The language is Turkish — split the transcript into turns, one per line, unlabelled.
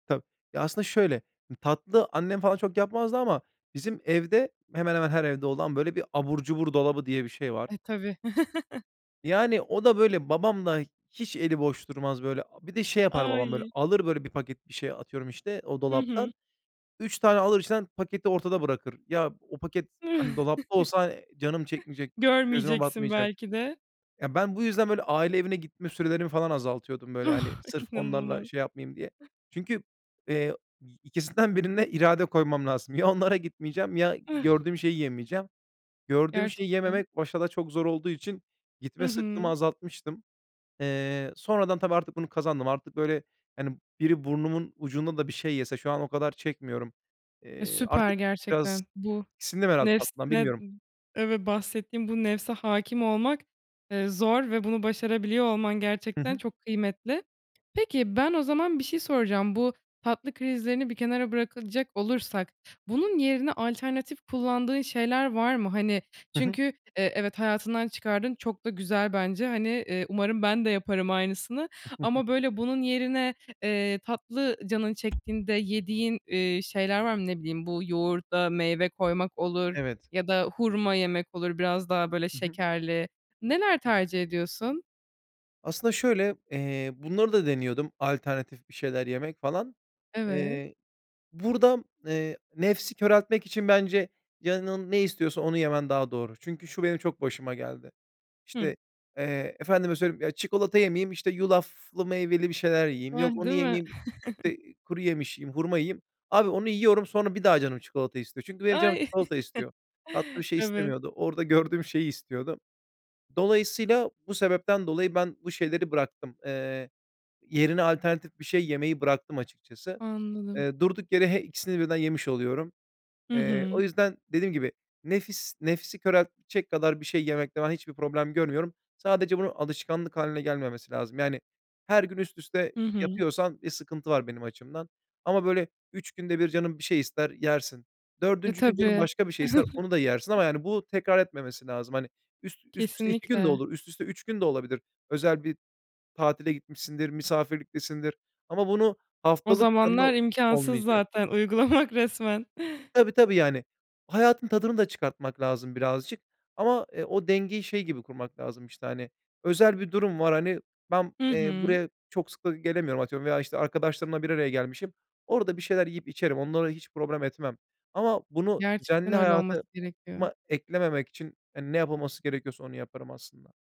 Tabii. Ya, aslında şöyle, m tatlı annem falan çok yapmazdı ama bizim evde, hemen hemen her evde olan, böyle, bir "abur cubur dolabı" diye bir şey var.
Ay, tabii.
Yani, o da, böyle, babam da hiç eli boş durmaz, böyle. A bir de şey yapar babam, böyle,
Ay!
alır, böyle, 1 paket bir şey, atıyorum işte, o
Hı hı.
dolaptan, 3 tane alır içinden, paketi ortada bırakır. Ya, o paket, hani, dolapta olsa canım çekmeyecek, gözüme
Görmeyeceksin,
batmayacak.
belki de.
Ya, ben bu yüzden, böyle, aile evine gitme sürelerimi falan azaltıyordum, böyle, hani,
Ah,
sırf onlarla
inanılmaz.
şey yapmayayım diye. Çünkü, eee, y 2'sinden 1'ine irade koymam lazım. Ya onlara gitmeyeceğim, ya gördüğüm şeyi yemeyeceğim. Gördüğüm şeyi
Gerçekten.
yememek başta da çok zor olduğu için
Hı
gitme sıktığımı
hı.
azaltmıştım. Eee, sonradan, tabii, artık bunu kazandım. Artık, böyle, hani, biri burnumun ucunda da bir şey yese, şu an o kadar çekmiyorum.
E,
Eee,
süper
artık biraz,
gerçekten bu.
tiksindim herhâlde tatlıdan,
Nefsine, n
bilmiyorum.
evet, bahsettiğim bu nefse hâkim olmak, ııı, zor ve bunu başarabiliyor olman
Hı
gerçekten
hı.
çok kıymetli. Peki, ben, o zaman, bir şey soracağım. Bu tatlı krizlerini bir kenara bırakılacak olursak, bunun yerine alternatif kullandığın şeyler var mı? Hani,
Hı hı.
çünkü, eee, evet hayatından çıkardın, çok da güzel bence. Hani, ııı, umarım ben de yaparım aynısını ama böyle bunun yerine, ııı, tatlı canın çektiğinde yediğin, ııı, şeyler var mı? Ne bileyim, bu yoğurda meyve koymak olur
Evet.
ya da hurma yemek olur, biraz daha böyle
Hı hı.
şekerli. Neler tercih ediyorsun?
Aslında şöyle, eee, bunları da deniyordum, alternatif bir şeyler yemek, falan.
Evet.
Eee, buradan, eee, nefsi köreltmek için bence canın ne istiyorsa onu yemen daha doğru. Çünkü şu, benim çok başıma geldi.
Hıı.
İşte, eee, efendime söyleyeyim, ya, çikolata yemeyeyim, işte, yulaflı, meyveli bir şeyler yiyeyim, yok,
Hıh,
onu
değil mi?
yemeyeyim, işte, kuru yemiş yiyeyim, hurma yiyeyim. Abi, onu yiyorum, sonra bir daha canım çikolata istiyor. Çünkü benim canım
Ay,
çikolata istiyor. Tatlı bir şey
evet.
istemiyordu. Orada gördüğüm şeyi istiyordu. Dolayısıyla, bu sebepten dolayı, ben bu şeyleri bıraktım. Iıı, yerine alternatif bir şey yemeyi bıraktım açıkçası.
Anladım.
Iıı, durduk yere, he ikisini birden yemiş oluyorum.
Hı
Iıı, o
hı.
yüzden, dediğim gibi nefis, nefsi köreltecek kadar bir şey yemekte ben hiçbir problem görmüyorum. Sadece bunun alışkanlık hâline gelmemesi lazım. Yani, her gün üst üste
Hı hı.
yapıyorsan bir sıkıntı var, benim açımdan. Ama, böyle, 3 günde 1 canın bir şey ister, yersin.
E,
4. gün, canın
tabii.
başka bir şey ister, onu da yersin ama yani bu, tekrar etmemesi lazım. Hani, üst üst üste 2 gün de
Kesinlikle.
olur üst üste 3 gün de olabilir. Özel bir tatile gitmişsindir, misafirliktesindir. Ama bunu,
O
haftalık, planlı
zamanlar, imkânsız
olmayacak.
zaten uygulamak, resmen.
Tabii, tabii, yani. Hayatın tadını da çıkartmak lazım birazcık. Ama, eee, o dengeyi şey gibi kurmak lazım, işte, hani, özel bir durum var, hani, ben,
Hı
eee,
hı.
buraya çok sık da gelemiyorum, atıyorum veya işte arkadaşlarımla bir araya gelmişim. Orada bir şeyler yiyip içerim, onları hiç problem etmem. Ama bunu
Gerçekten
düzenli
öyle olması
hayatıma
gerekiyor.
eklememek için, hani, ne yapılması gerekiyorsa, onu yaparım aslında.